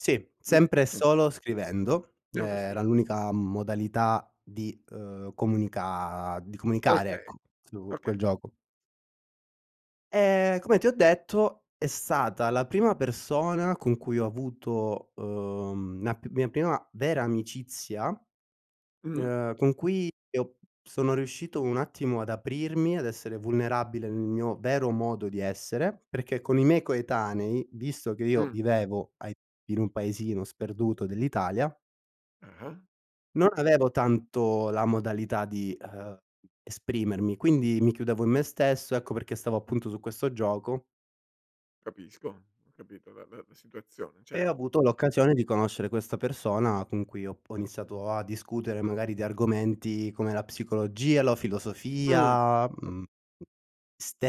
Sì, sempre e [unintelligible] solo scrivendo, ehm, [unintelligible] era l'unica modalità di, uhm, comunica di comunicare Okay, ecco su okay. quel gioco. Ehm, come ti ho detto è stata la prima persona con cui ho avuto, uhm, la p mia prima vera amicizia, Mh-mh. ehm, con cui io sono riuscito un attimo ad aprirmi, ad essere vulnerabile nel mio vero modo di essere, perché con i miei coetanei, visto che io Mh. vivevo ai in un paesino sperduto dell'Italia Ah-ah. non avevo tanto la modalità di, ehm, esprimermi, quindi mi chiudevo in me stesso, ecco perché stavo appunto su questo gioco Capisco, ho capito la la situazione, E cer ho avuto l'occasione di conoscere questa persona con cui ho p ho iniziato a discutere magari di argomenti come la psicologia, la Mh. filosofia, A mhmm,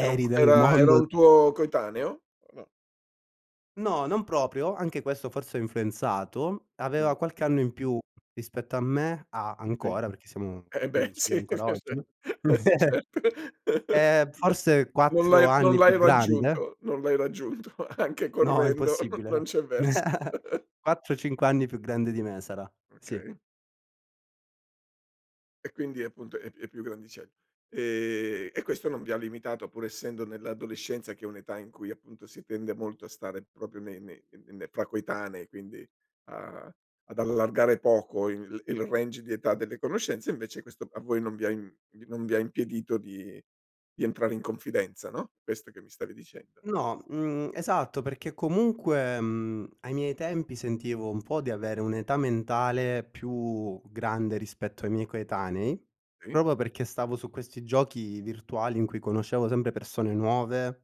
Era un co del era era mondo un tuo coetaneo? [unintelligible] No, non proprio, anche questo forse ha influenzato, Mh. aveva qualche anno in più rispetto a me ha Sì. ancora, perché siamo Eh beh amici sì, ancora oggi [unintelligible] certo. ehm, forse No non 4 l'hai non anni più l'hai grande raggiunto, non l'hai raggiunto anche No, correndo non impossibile, non no. c'è vers quattro, cinque anni più grande di me sarà, sì. Okay. E quindi è appunto è è più grandicell ehm, e questo non vi ha limitato pur essendo nell'adolescenza che è un'età in cui appunto si tende molto a stare proprio nei nei nei fra coetanei, quindi a ad allargare poco il il range di età delle conoscenze, invece questo a voi non vi ha im n non vi ha impedito di di entrare in confidenza, no, questo che mi stavi dicendo? No, mhmm, esatto, perché comunque, mhmm, ai miei tempi sentivo un po' di avere un'età mentale più grande rispetto ai miei coetanei, Sì. proprio perché stavo su questi giochi virtuali in cui conoscevo sempre persone nuove